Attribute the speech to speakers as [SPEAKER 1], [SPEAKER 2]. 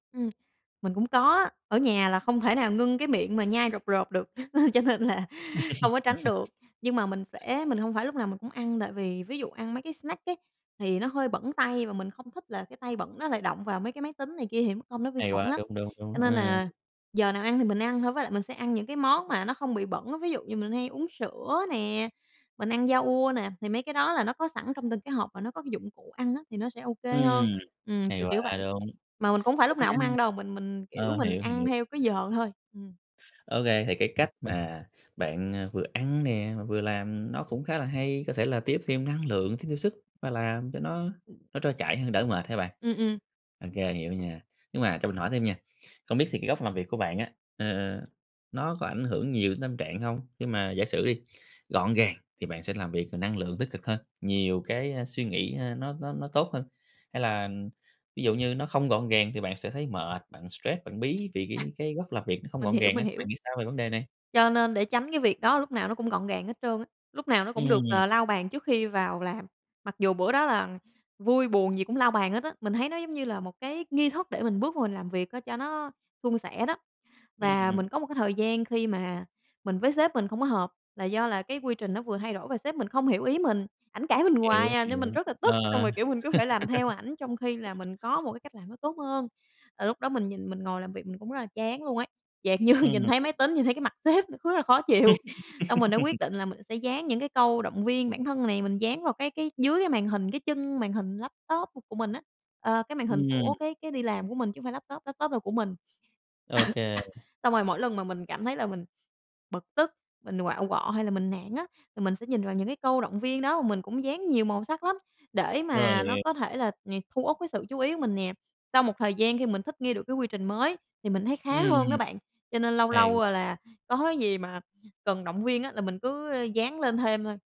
[SPEAKER 1] Ừm, mình cũng có á. Ở nhà là không thể nào ngưng cái miệng mà nhai rộp rộp được, cho nên là không có tránh được. Nhưng mà mình sẽ mình hông phải lúc nào mình cũng ăn, tại vì ví dụ ăn mấy cái snack ấy, thì nó hơi bẩn tay và mình không thích là cái tay bẩn nó lại động vào mấy cái máy tính này kia thì mắc công nó vi
[SPEAKER 2] Hay
[SPEAKER 1] khuẩn
[SPEAKER 2] quá!
[SPEAKER 1] lắm.
[SPEAKER 2] Đúng, đúng, đúng,
[SPEAKER 1] Cho nên
[SPEAKER 2] ờ.
[SPEAKER 1] là giờ nào ăn thì mình ăn thôi, với lại mình sẽ ăn những cái món mà nó không bị bẩn á, ví dụ như mình hay uống sữa nè, mình ăn yoghurt nè, thì mấy cái đó là nó có sẵn trong từng cái hộp và nó có cái dụng cụ ăn á thì nó sẽ OK hơn,
[SPEAKER 2] Ừm,
[SPEAKER 1] ừm,
[SPEAKER 2] hay
[SPEAKER 1] kiểu kiểu
[SPEAKER 2] quá!
[SPEAKER 1] vậy.
[SPEAKER 2] Đúng.
[SPEAKER 1] Mà mình cũng phải
[SPEAKER 2] Đúng
[SPEAKER 1] lúc nào
[SPEAKER 2] nha.
[SPEAKER 1] cũng ăn đâu, mình mình, kiểu,
[SPEAKER 2] Ờ,
[SPEAKER 1] mình
[SPEAKER 2] hiểu,
[SPEAKER 1] ăn
[SPEAKER 2] hiểu.
[SPEAKER 1] theo cái giờ thôi, ừm.
[SPEAKER 2] OK, thì cái cách mà bạn, ờ, vừa ăn nè mà vừa làm nó cũng khá là hay, có thể là tiếp thêm năng lượng, tiếp thêm sức và làm cho nó
[SPEAKER 1] Ừm.
[SPEAKER 2] nó trôi chảy hơn, đỡ mệt ha bạn.
[SPEAKER 1] Ừm, ừm.
[SPEAKER 2] OK, hiểu nha. Nhưng mà cho mình hỏi thêm nha, không biết thì cái góc làm việc của bạn á, ờ, ờ, nó có ảnh hưởng nhiều đến tâm trạng hông? Nhưng mà giả sử đi, gọn gàng thì bạn sẽ làm việc, ờ, năng lượng tích cực hơn, nhiều cái, ơ, suy nghĩ, ơ, nó nó nó tốt hơn, hay là, ừm, ví dụ như nó không gọn gàng thì bạn sẽ thấy mệt, bạn stress, bạn bí vì
[SPEAKER 1] À.
[SPEAKER 2] cái cái góc làm việc nó không
[SPEAKER 1] Mình
[SPEAKER 2] gọn
[SPEAKER 1] hiểu,
[SPEAKER 2] gàng
[SPEAKER 1] mình
[SPEAKER 2] á, bạn
[SPEAKER 1] hiểu.
[SPEAKER 2] nghĩ sao về vấn đề này?
[SPEAKER 1] Cho nên để tránh cái việc đó lúc nào nó cũng gọn gàng hết trơn á, lúc nào nó cũng được,
[SPEAKER 2] Ừm.
[SPEAKER 1] ờ, lau bàn trước khi vào làm, mặc dù bữa đó là vui buồn gì cũng lau bàn hết á. Mình thấy nó giống như là một cái nghi thức để mình bước vô mình làm việc á cho nó suôn sẻ đó. Và
[SPEAKER 2] Ừm.
[SPEAKER 1] mình có một cái thời gian khi mà mình với sếp mình không có hợp là do là cái quy trình nó vừa thay đổi và sếp mình không hiểu ý mình, ảnh cãi mình hoài
[SPEAKER 2] Hiểu,
[SPEAKER 1] à nên mình
[SPEAKER 2] hiểu,
[SPEAKER 1] rất là tức. Xong
[SPEAKER 2] ờ.
[SPEAKER 1] rồi, kiểu, mình cứ phải làm theo ảnh trong khi là mình có một cái cách làm nó tốt hơn, là lúc đó mình nhìn, mình ngồi làm việc mình cũng rất là chán luôn ấy. Dạng như, nhìn
[SPEAKER 2] Ừm.
[SPEAKER 1] thấy máy tính, nhìn thấy cái mặt sếp, nó cứ là khó chịu, xong mình đã quyết định là mình sẽ dán những cái câu động viên bản thân này, mình dán vào cái cái dưới cái màn hình, cái chân màn hình laptop của của mình á, ờ, cái màn hình
[SPEAKER 2] Ừm.
[SPEAKER 1] của cái cái đi làm của mình chứ hông phải laptop, laptop là của mình.
[SPEAKER 2] OK.
[SPEAKER 1] Xong rồi mỗi lần mà mình cảm thấy là mình bực tức, mình quạu quọ hay là mình nản á là mình sẽ nhìn vào những cái câu động viên đó, mà mình cũng dán nhiều màu sắc lắm để
[SPEAKER 2] Rồi,
[SPEAKER 1] mà nó
[SPEAKER 2] hỉ
[SPEAKER 1] có thể là nh thu uất cái sự chú ý của mình nè. Sau một thời gian khi mình thích nghi được cái quy trình mới thì mình thấy khá
[SPEAKER 2] Ừm,
[SPEAKER 1] hơn đó bạn, cho nên lâu
[SPEAKER 2] hay
[SPEAKER 1] lâu,
[SPEAKER 2] [unintelligible]
[SPEAKER 1] ờ, là có cái gì mà cần động viên á là mình cứ, ơ, dán lên thêm thôi.